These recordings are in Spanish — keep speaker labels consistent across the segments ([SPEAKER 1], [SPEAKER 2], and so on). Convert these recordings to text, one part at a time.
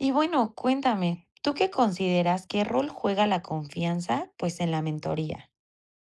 [SPEAKER 1] Y bueno, cuéntame, ¿tú qué consideras? ¿Qué rol juega la confianza? Pues en la mentoría.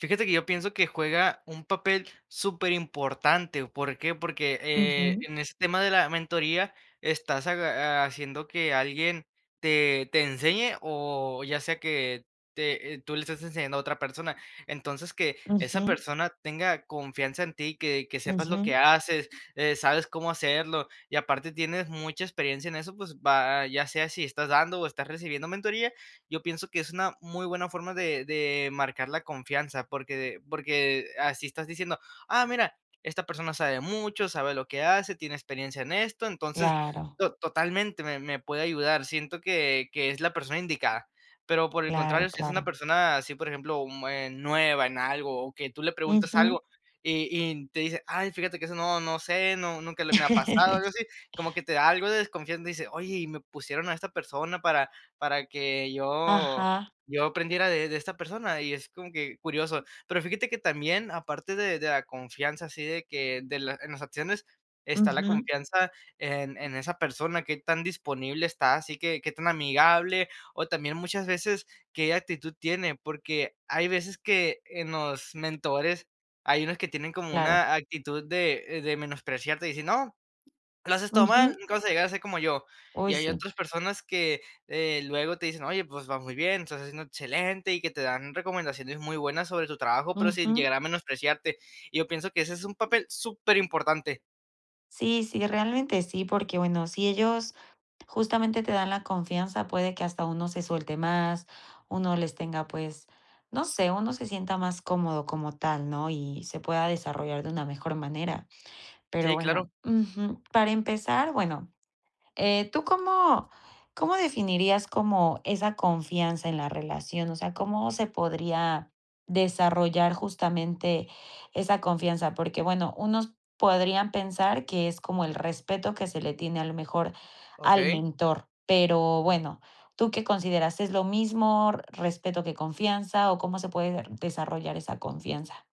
[SPEAKER 2] Fíjate que yo pienso que juega un papel superimportante. ¿Por qué? Porque, eh,
[SPEAKER 1] Ujú.
[SPEAKER 2] en ese tema de la mentoría, estás aga haciendo que alguien te te enseñe o ya sea que te tú le estás enseñando a otra persona. Entonces, que esa
[SPEAKER 1] Ujú.
[SPEAKER 2] persona tenga confianza en ti, que que sepas lo que
[SPEAKER 1] Ujú.
[SPEAKER 2] haces, eh, sabes cómo hacerlo y aparte tienes mucha experiencia en eso, pues va ya sea si estás dando o estás recibiendo mentoría, yo pienso que es una muy buena forma de de marcar la confianza, porque de porque así estás diciendo: "Ah mira, esta persona sabe mucho, sabe lo que hace, tiene experiencia en esto". Entonces
[SPEAKER 1] Claro.
[SPEAKER 2] to totalmente me me puede ayudar. Siento que que es la persona indicada, pero, por el contrario,
[SPEAKER 1] Claro,
[SPEAKER 2] si es una
[SPEAKER 1] claro.
[SPEAKER 2] persona así, por ejemplo, mm, eh, nueva en algo o que tú le preguntas
[SPEAKER 1] Ujú.
[SPEAKER 2] algo y y te dice: "Ay, fíjate que eso no, no sé, no, nunca le me ha pasado algo así", como que te da algo de desconfianza y dice: "Oye, y me pusieron a esta persona para para que yo
[SPEAKER 1] Ajá.
[SPEAKER 2] yo aprendiera de de esta persona" y es como que curioso. Pero fíjate que también, aparte de de la confianza así de que de la en las acciones, está la
[SPEAKER 1] Ujú.
[SPEAKER 2] confianza en en esa persona. ¿Qué tan disponible está? Así que, ¿qué tan amigable o también muchas veces, qué actitud tiene? Porque hay veces que en los mentores hay unos que tienen como
[SPEAKER 1] Claro.
[SPEAKER 2] una actitud de de menospreciarte y dicen: "No, lo haces todo mal,
[SPEAKER 1] Ujú.
[SPEAKER 2] nunca vas a llegar a ser como yo",
[SPEAKER 1] Uy,
[SPEAKER 2] y hay
[SPEAKER 1] sí.
[SPEAKER 2] otras personas que, eh, luego te dicen: "Oye, pues va muy bien, estás haciendo excelente", y que te dan recomendaciones muy buenas sobre tu trabajo, pero sin
[SPEAKER 1] Ujú.
[SPEAKER 2] llegar a menospreciarte. Yo pienso que ese es un papel superimportante.
[SPEAKER 1] Sí, sí, realmente sí, porque bueno, si ellos justamente te dan la confianza puede que hasta uno se suelte más, uno les tenga, pues, no sé, uno se sienta más cómodo como tal, ¿no?, y se pueda desarrollar de una mejor manera. Pero,
[SPEAKER 2] Sí, claro.
[SPEAKER 1] bueno, ujú, para empezar, bueno, eh, ¿tú cómo cómo definirías como esa confianza en la relación? O sea, ¿cómo se podría desarrollar justamente esa confianza? Porque bueno, unos podrían pensar que es como el respeto que se le tiene a lo mejor al
[SPEAKER 2] Okey.
[SPEAKER 1] mentor. Pero, bueno, ¿tú qué consideras, es lo mismo respeto que confianza, o cómo se puede de desarrollar esa confianza?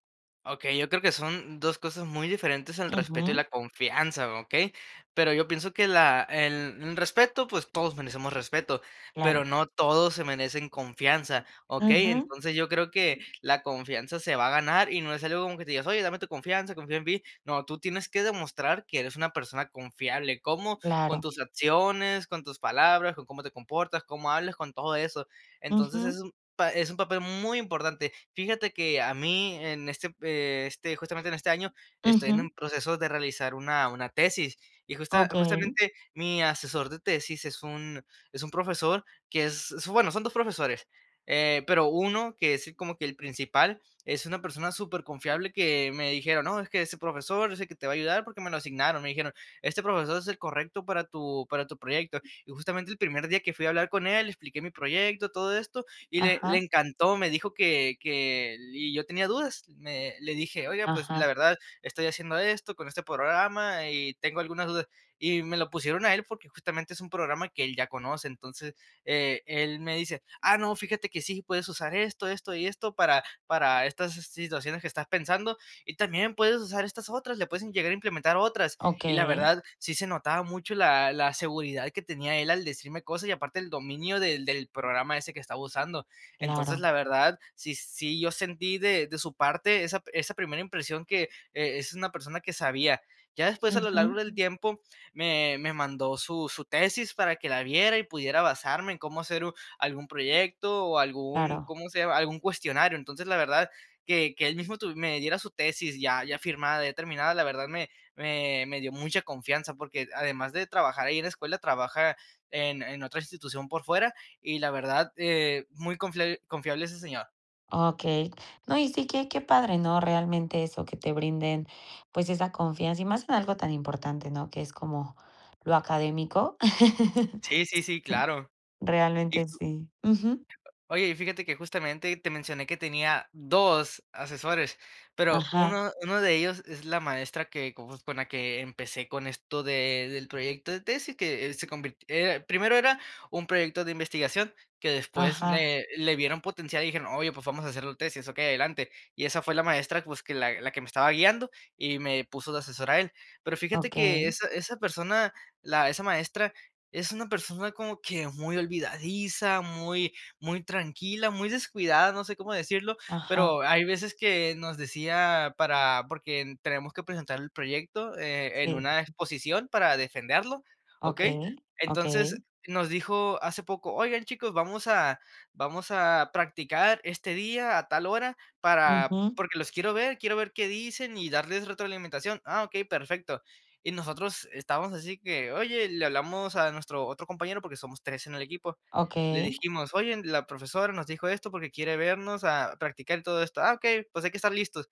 [SPEAKER 2] Okey, yo creo que son dos cosas muy diferentes el respeto y la
[SPEAKER 1] Ujú.
[SPEAKER 2] confianza, ¿okey? Pero yo pienso que la el el respeto, pues, todos merecemos respeto, pero
[SPEAKER 1] Claro.
[SPEAKER 2] no todos se merecen confianza, ¿okey?
[SPEAKER 1] Ujú.
[SPEAKER 2] Entonces, yo creo que la confianza se va a ganar, y no es algo como que te digas: "Oye, dame tu confianza, confía en mí". No, tú tienes que demostrar que eres una persona confiable, ¿cómo?, con
[SPEAKER 1] Claro.
[SPEAKER 2] tus acciones, con tus palabras, con cómo te comportas, cómo hablas, con todo eso. Entonces
[SPEAKER 1] Ujú.
[SPEAKER 2] es un pa es un papel muy importante. Fíjate que a mí en este, eh, este justamente en este año, estoy en un
[SPEAKER 1] Ujú.
[SPEAKER 2] proceso de realizar una una tesis y justa
[SPEAKER 1] Okey.
[SPEAKER 2] justamente, mi asesor de tesis es un es un profesor que es, bueno, son 2 profesores. Eh, pero uno que es como que el principal es una persona superconfiable que me dijeron: "No, es que ese profesor es el que te va a ayudar, porque me lo asignaron". Me dijeron este profesor es el correcto para tu para tu proyecto. Y justamente el primer día que fui a hablar con él, le expliqué mi proyecto, todo esto, y le le
[SPEAKER 1] Ajá.
[SPEAKER 2] encantó, me dijo que que el y yo tenía dudas. Me le dije: "Oiga, pues la
[SPEAKER 1] Ajá.
[SPEAKER 2] verdad, estoy haciendo esto con este programa y tengo algunas dudas", y me lo pusieron a él porque justamente es un programa que él ya conoce. Entonces, eh, él me dice: "Ah, no, fíjate que sí puedes usar esto, esto y esto para para estas si situaciones que estás pensando, y también puedes usar estas otras, le puedes en llegar a implementar otras". Y la
[SPEAKER 1] Okey.
[SPEAKER 2] verdad, sí se notaba mucho la la seguridad que tenía él al decirme cosas y aparte el dominio del del programa ese que estaba usando. Entonces,
[SPEAKER 1] Claro.
[SPEAKER 2] la verdad, sí sí yo sentí de de su parte esa esa primera impresión que, eh, es una persona que sabía. Ya después a lo largo
[SPEAKER 1] Ujú.
[SPEAKER 2] del tiempo, me me mandó su su tesis para que la viera, y pudiera basarme en cómo hacer u algún proyecto o algún,
[SPEAKER 1] Claro.
[SPEAKER 2] ¿cómo se llama?, algún cuestionario. Entonces, la verdad que que él mismo tu me diera su tesis ya ya firmada, ya terminada, la verdad me me me dio mucha confianza, porque el además de trabajar ahí en la escuela, trabaja en en otra institución por fuera y la verdad, eh, muy conflia confiable ese señor.
[SPEAKER 1] Okey. No, y sí qué qué padre, ¿no?, realmente eso que te brinden, pues, esa confianza y más en algo tan importante, ¿no?, que es como lo académico.
[SPEAKER 2] Sí, sí, sí, claro. Y
[SPEAKER 1] Realmente,
[SPEAKER 2] [unintelligible]
[SPEAKER 1] sí, ujú.
[SPEAKER 2] Oye, y fíjate que justamente te mencioné que tenía 2 asesores, pero
[SPEAKER 1] Ajá.
[SPEAKER 2] uno uno de ellos es la maestra que con uff, la que empecé con esto de del proyecto de tesis que se convirt era primero era un proyecto de investigación que después
[SPEAKER 1] Ajá.
[SPEAKER 2] le le vieron potencial, y dijeron: "Oye, pues vamos a hacer los tesis, okey, adelante". Y esa fue la maestra, pues, que la la que me estaba guiando y me puso de asesor a él. Pero fíjate que
[SPEAKER 1] Okey.
[SPEAKER 2] esa esa persona, la esa maestra es una persona como que muy olvidadiza, muy, muy tranquila, muy descuidada, no sé, cómo decirlo,
[SPEAKER 1] Ajá.
[SPEAKER 2] pero hay veces que nos decía para porque tenemos que presentar el proyecto, eh, en
[SPEAKER 1] Sí.
[SPEAKER 2] una exposición para defenderlo, okey.
[SPEAKER 1] Okey,
[SPEAKER 2] Entonces,
[SPEAKER 1] okey.
[SPEAKER 2] nos dijo hace poco: "Oigan, chicos, vamos a vamos a practicar este día a tal hora para
[SPEAKER 1] Ujú.
[SPEAKER 2] porque los quiero ver, quiero ver qué dicen y darles retroalimentación". Ah okey, perfecto. Y nosotros estábamos así que: "Oye, le hablamos a nuestro otro compañero, porque somos 3 en el equipo". Le
[SPEAKER 1] Okey.
[SPEAKER 2] dijimos: "Oye, la profesora nos dijo esto, porque quiere vernos a practicar todo esto. Ah okey, pues, hay que estar listos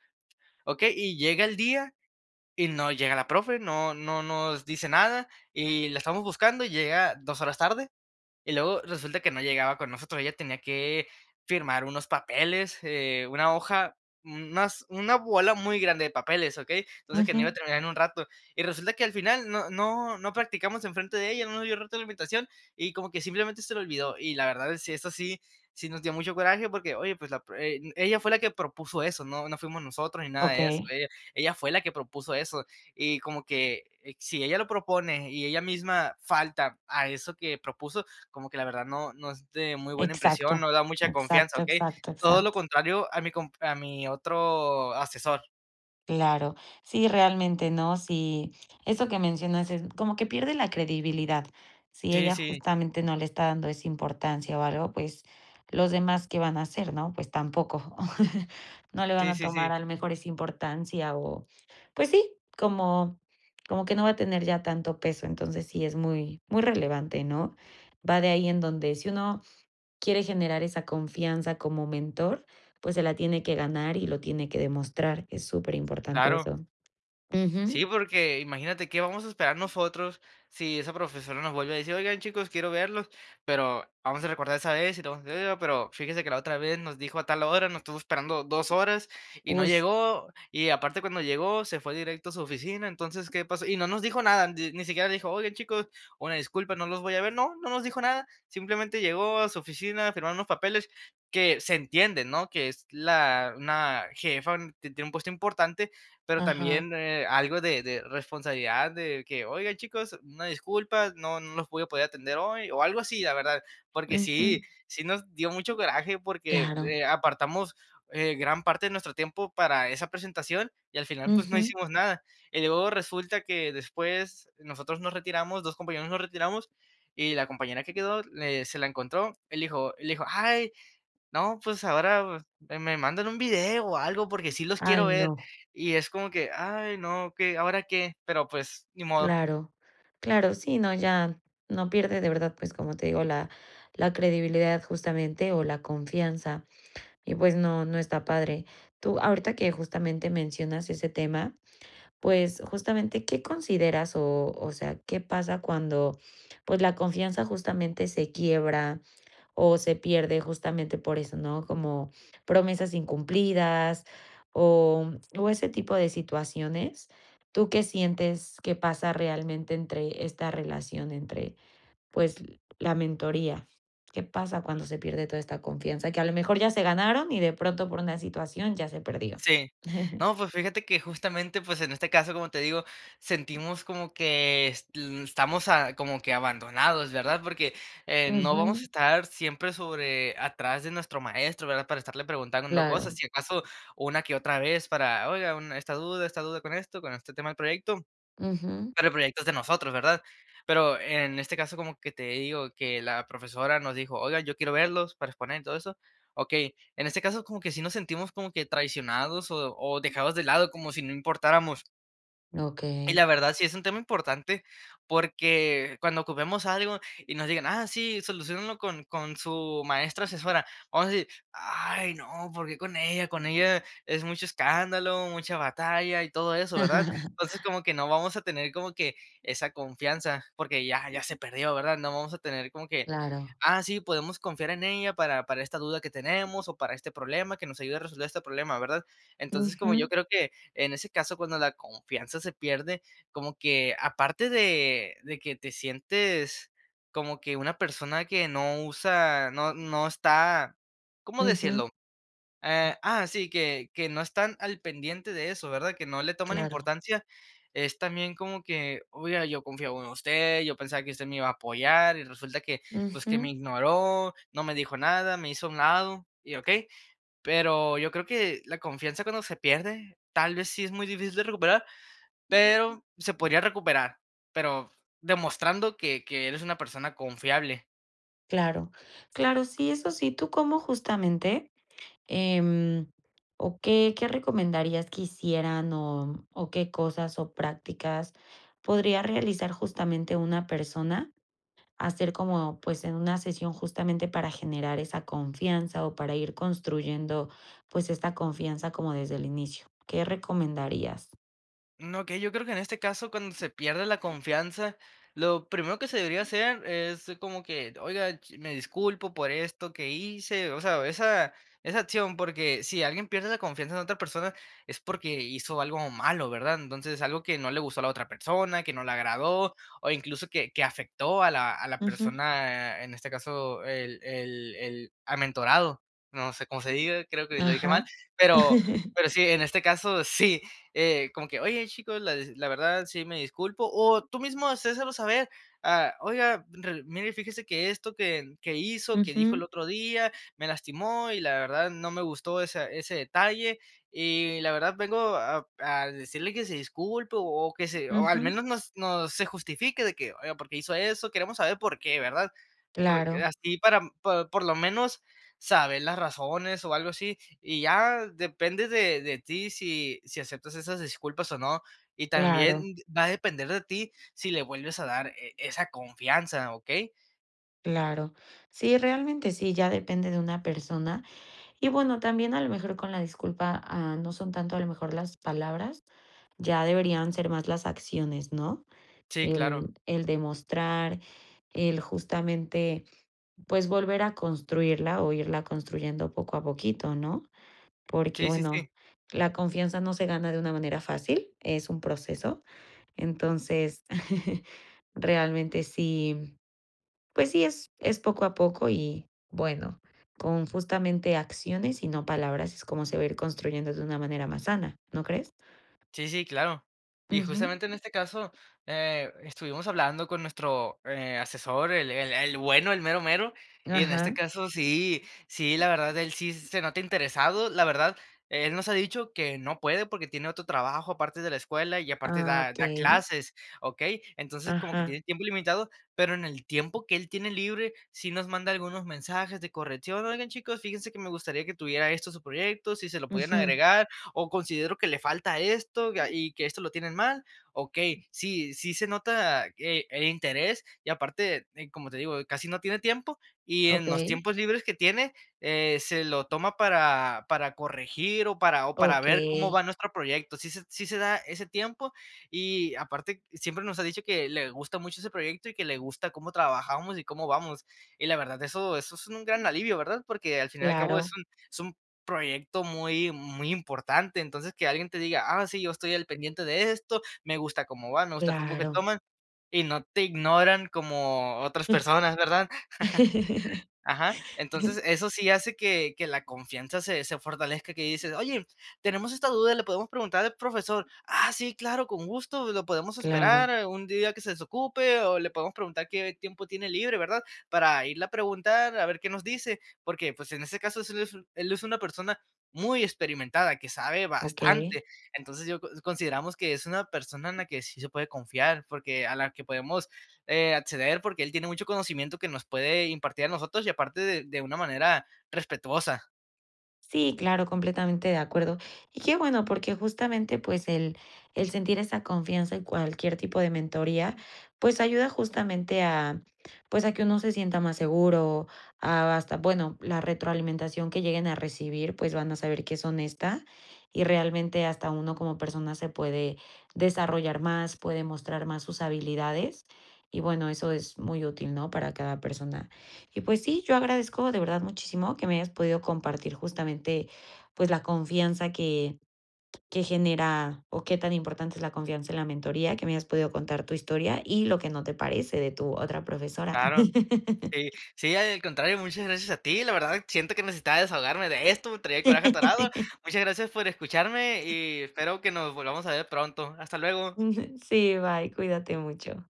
[SPEAKER 2] ¿okey?". Y llega el día, y no llega la profe no no nos dice nada y la estamos buscando, y llega 2 horas tarde, y luego resulta que no llegaba con nosotros. Ella tenía que firmar unos papeles, eh, una hoja, más una bola muy grande de papeles, ¿okey? Entonces, que no iba a
[SPEAKER 1] Ujú.
[SPEAKER 2] terminar en un rato y resulta que al final no no no practicamos enfrente de ella, no nos dio roto la invitación, y como que simplemente se le olvidó. Y la verdad si es así, sí nos dio mucho coraje, porque oye, pues, la pru eh, ella fue la que propuso eso, no, no fuimos nosotros ni nada de eso.
[SPEAKER 1] Okey.
[SPEAKER 2] Ella ella fue la que propuso eso, y como que si ella lo propone y ella misma falta a eso que propuso, como que la verdad no, no es de muy buena
[SPEAKER 1] Exacto,
[SPEAKER 2] impresión, no da mucha confianza,
[SPEAKER 1] exacto,
[SPEAKER 2] ¿okey?
[SPEAKER 1] exacto,
[SPEAKER 2] Todo lo
[SPEAKER 1] exacto.
[SPEAKER 2] contrario a mi comp a mi otro asesor.
[SPEAKER 1] Claro. Sí, realmente no. Sí, eso que mencionas es como que pierde la credibilidad. Si
[SPEAKER 2] Sí,
[SPEAKER 1] ella
[SPEAKER 2] sí.
[SPEAKER 1] justamente no le está dando esa importancia o algo, pues, ¿los demás qué van a hacer, no? Pues tampoco. No le van
[SPEAKER 2] Sí,
[SPEAKER 1] a
[SPEAKER 2] sí,
[SPEAKER 1] tomar
[SPEAKER 2] sí.
[SPEAKER 1] a lo mejor esa importancia o pues sí, como como que no va a tener ya tanto peso. Entonces sí, es muy, muy relevante, ¿no? Va de ahí en donde si uno, quiere generar esa confianza como mentor, pues se la tiene que ganar y lo tiene que demostrar. Es superimportante
[SPEAKER 2] Claro.
[SPEAKER 1] eso.
[SPEAKER 2] Sí,
[SPEAKER 1] ujú.
[SPEAKER 2] porque imagínate, ¿qué vamos a esperar nosotros si esa profesora nos vuelve a decir: "Oigan, chicos, quiero verlos"? Pero, vamos a recordar esa vez y lo sucedido, pero: "Fíjese que la otra vez nos dijo a tal hora, nos estuvo esperando 2 horas y no llegó y aparte, cuando llegó, se fue directo a su oficina". Entonces, ¿qué pasó? Y no nos dijo nada, de ni siquiera dijo: "Oigan, chicos, una disculpa, no los voy a ver". No, no nos dijo nada. Simplemente, llegó a su oficina a firmar unos papeles que, se entiende, ¿no?, que es la una jefa, que tiene un puesto importante, pero
[SPEAKER 1] Ajá.
[SPEAKER 2] también, eh, algo de de responsabilidad de que: "Oigan, chicos, una disculpa, no no los voy a poder atender hoy", o algo así, la verdad. Porque sí,
[SPEAKER 1] Ujú.
[SPEAKER 2] sí nos dio mucho coraje porque,
[SPEAKER 1] Claro.
[SPEAKER 2] eh, apartamos, eh, gran parte de nuestro tiempo para esa presentación, y al final, pues no
[SPEAKER 1] Ujú.
[SPEAKER 2] hicimos nada. Y luego resulta que después, nosotros nos retiramos, 2 compañeros nos retiramos y la compañera que quedó, le se la encontró, y le dijo le dijo: "Ay, no, pues ahora me me mandan un video o algo porque sí los
[SPEAKER 1] Ay,
[SPEAKER 2] quiero ver",
[SPEAKER 1] no.
[SPEAKER 2] y es como que: "Ay, no, ¿qué, ahora qué?". Pero, pues ni modo.
[SPEAKER 1] Claro, claro, sí, no, ya, no pierde de verdad, pues, como te digo, la la credibilidad justamente, o la confianza y pues no, no está padre. Tú, ahorita que justamente mencionas ese tema, pues, justamente, ¿qué consideras o o sea, qué pasa cuando, pues la confianza justamente se quiebra o se pierde?, justamente por eso, ¿no? Como promesas incumplidas, o, mm, o ese tipo de situaciones, ¿tú qué sientes que pasa realmente entre esta relación entre, pues la mentoría? ¿Qué pasa cuando se pierde toda esta confianza?, que a lo mejor ya se ganaron y de pronto, por una situación ya se perdió.
[SPEAKER 2] Sí. No, pues fíjate que justamente, pues en este caso, como te digo, sentimos como que es, mm, estamos a como que abandonados, ¿verdad?, porque, eh, no vamos a
[SPEAKER 1] Ujú.
[SPEAKER 2] estar siempre sobre atrás de nuestro maestro, ¿verdad?, para estarle preguntando cosas,
[SPEAKER 1] Claro.
[SPEAKER 2] si acaso una que otra vez para: "Oiga un esta duda esta duda con esto, con este tema del proyecto".
[SPEAKER 1] Ujú.
[SPEAKER 2] Pero el proyectos de nosotros, ¿verdad?, pero en este caso, como que te digo que la profesora nos dijo: "Oigan, yo quiero verlos para exponer y todo eso". Okey, en este caso, como que sí nos sentimos como que traicionados o o dejados de lado como si no importáramos. Y
[SPEAKER 1] Okey.
[SPEAKER 2] la verdad, sí es un tema importante porque cuando ocupemos algo y nos digan: "Ah, sí, soluciónalo con con su maestra asesora", vamos a decir: "Ay, no, porque con ella con ella es mucho escándalo, mucha batalla y todo eso", ¿verdad? Entonces como que no vamos a tener como que esa confianza porque ya ya se perdió, ¿verdad? No vamos a tener como que:
[SPEAKER 1] Claro.
[SPEAKER 2] "Ah, sí, podemos confiar en ella para para esta duda que tenemos o para este problema que nos ayude a resolver este problema", ¿verdad? Entonces, como yo
[SPEAKER 1] Ujú.
[SPEAKER 2] creo que en ese caso, cuando la confianza se pierde como que aparte de de que te sientes como que una persona que no usa, no no está, ¿cómo
[SPEAKER 1] Ujú.
[SPEAKER 2] decirlo? Eh, ah sí, que que no están al pendiente de eso, ¿verdad? Que no le toman
[SPEAKER 1] Claro.
[SPEAKER 2] importancia es también como que: "Oiga, yo confiaba en usted, yo pensaba que usted me iba a apoyar y resulta que, pues que me
[SPEAKER 1] Ujú.
[SPEAKER 2] ignoró, no me dijo nada, me hizo un lado y okey". Pero yo creo que la confianza cuando se pierde, tal vez sí es muy difícil de recuperar, pero se podría recuperar, pero demostrando que que eres una persona confiable.
[SPEAKER 1] Claro, claro, sí, eso sí. ¿Tú cómo justamente, eh, o qué qué recomendarías que hicieran o o qué cosas o prácticas podría realizar justamente una persona, hacer como pues en una sesión justamente para generar esa confianza o para ir construyendo pues esta confianza como desde el inicio. ¿Qué recomendarías?
[SPEAKER 2] No, okey, yo creo que en este caso, cuando se pierde la confianza, lo primero que se debería hacer es como que: "Oiga, me disculpo por esto que hice", o sea, esa esa acción, porque si alguien pierde la confianza en otra persona es porque hizo algo malo, ¿verdad? Entonces es algo que no le gustó a la otra persona, que no le agradó o incluso que que afectó a la a la
[SPEAKER 1] Ujú.
[SPEAKER 2] persona, en este caso, el el el amentorado. No sé cómo se diga, creo que lo dije mal,
[SPEAKER 1] Ajá.
[SPEAKER 2] pero pero sí, en este caso sí, eh, como que: "Oye, chico, la desi la verdad sí me disculpo" o tú mismo hacérselo saber: "Ah, oiga, ril mire, fíjese que esto que que hizo, que dijo el
[SPEAKER 1] Ujú.
[SPEAKER 2] otro día, me lastimó y la verdad no me gustó esa ese detalle y la verdad, vengo a a decirle que se disculpe o que se o al
[SPEAKER 1] Ujú.
[SPEAKER 2] menos no no se justifique", de que, oiga, ¿por qué hizo eso? Queremos saber por qué, ¿verdad? Por
[SPEAKER 1] Claro.
[SPEAKER 2] así, para por lo menos saber las razones o algo así, y ya depende de de ti si si aceptas esas disculpas o no. Y
[SPEAKER 1] Claro.
[SPEAKER 2] también va a depender de ti si le vuelves a dar e esa confianza, ¿okey?
[SPEAKER 1] Claro. Sí, realmente sí, ya depende de una persona y bueno, también a lo mejor con la disculpa, ah, no son tanto a lo mejor las palabras, ya deberían ser más las acciones, ¿no?,
[SPEAKER 2] Sí, claro.
[SPEAKER 1] el el demostrar, el justamente pues volver a construirla o irla construyendo poco a poquito, ¿no?, porque
[SPEAKER 2] Sí, sí,
[SPEAKER 1] bueno,
[SPEAKER 2] sí.
[SPEAKER 1] la confianza no se gana de una manera fácil, es un proceso. Entonces, realmente sí, pues sí, es es poco a poco y bueno, con justamente acciones y no palabras es como se va a ir construyendo de una manera más sana, ¿no crees?
[SPEAKER 2] Sí, sí, claro. Y
[SPEAKER 1] Ujú.
[SPEAKER 2] justamente en este caso, eh, estuvimos hablando con nuestro, eh, asesor, el el el bueno, el mero mero y en este
[SPEAKER 1] Ajá.
[SPEAKER 2] caso, sí sí, la verdad, él sí se nota interesado, la verdad, él nos ha dicho que no puede porque tiene otro trabajo aparte de la escuela y aparte
[SPEAKER 1] Ah,
[SPEAKER 2] da da
[SPEAKER 1] okey.
[SPEAKER 2] clases, ¿okey?, entonces, como que
[SPEAKER 1] Ajá.
[SPEAKER 2] tiene tiempo limitado, pero en el tiempo que él tiene libre, si nos manda algunos mensajes de corrección: "Oigan, chicos, fíjense que me gustaría que tuviera esto su proyecto, si se lo pudieran
[SPEAKER 1] Ujú.
[SPEAKER 2] agregar, o considero que le falta esto ga y que esto lo tienen mal". Okey, sí sí se nota e el interés y aparte, eh, como te digo, casi no tiene tiempo y en los
[SPEAKER 1] Okey.
[SPEAKER 2] tiempos libres que tiene, eh, se lo toma para para corregir o para o para ver cómo
[SPEAKER 1] Okey.
[SPEAKER 2] va nuestro proyecto, sí se sí se da ese tiempo y aparte, siempre nos ha dicho que le gusta mucho ese proyecto y que le gusta cómo trabajamos y cómo vamos. Y la verdad, eso eso es un gran alivio, ¿verdad?, porque al fin y al cabo, es
[SPEAKER 1] Claro.
[SPEAKER 2] un es un proyecto muy muy importante. Entonces que alguien te diga: "Ah sí, yo estoy al pendiente de esto, me gusta cómo va, me gusta el rumbo que
[SPEAKER 1] Claro.
[SPEAKER 2] toman", y no te ignoran como otras personas, ¿verdad? Ajá. Entonces eso sí hace que que la confianza se se fortalezca que dices: "Oye, tenemos esta duda y le podemos preguntar al profesor". "¡Ah sí! ¡Claro! Con gusto lo podemos
[SPEAKER 1] Claro.
[SPEAKER 2] esperar un día que se desocupe o le podemos preguntar qué tiempo tiene libre, ¿verdad?, para irle a preguntar a ver qué nos dice", porque, pues en ese caso, es el es u él es una persona muy experimentada, que sabe
[SPEAKER 1] Okey.
[SPEAKER 2] bastante. Entonces yo con consideramos que es una persona en la que sí se puede confiar, porque a la que podemos, eh, acceder, porque él tiene mucho conocimiento que nos puede impartir a nosotros y aparte de de una manera respetuosa.
[SPEAKER 1] Sí, claro, completamente de acuerdo. Y qué bueno, porque justamente pues el el sentir esa confianza y cualquier tipo de mentoría pues ayuda justamente a pues a que uno se sienta más seguro, a hasta bueno, la retroalimentación que lleguen a recibir, pues van a saber que es honesta. y realmente hasta uno como persona se puede desarrollar más, puede mostrar más sus habilidades y bueno, eso es muy útil, ¿no?, para cada persona. Y pues sí, yo agradezco de verdad muchísimo que me hayas podido compartir justamente pues la confianza que que genera o qué tan importante es la confianza en la mentoría que me hayas podido contar tu historia y lo que no te parece de tu otra profesora.
[SPEAKER 2] Claro. Sí sí, al contrario, muchas gracias a ti. La verdad, siento que necesitaba desahogarme de esto, traía el coraje atorado. Muchas gracias por escucharme y espero que nos volvamos a ver pronto. Hasta luego.
[SPEAKER 1] Ujú. Sí, bye. Cuídate mucho.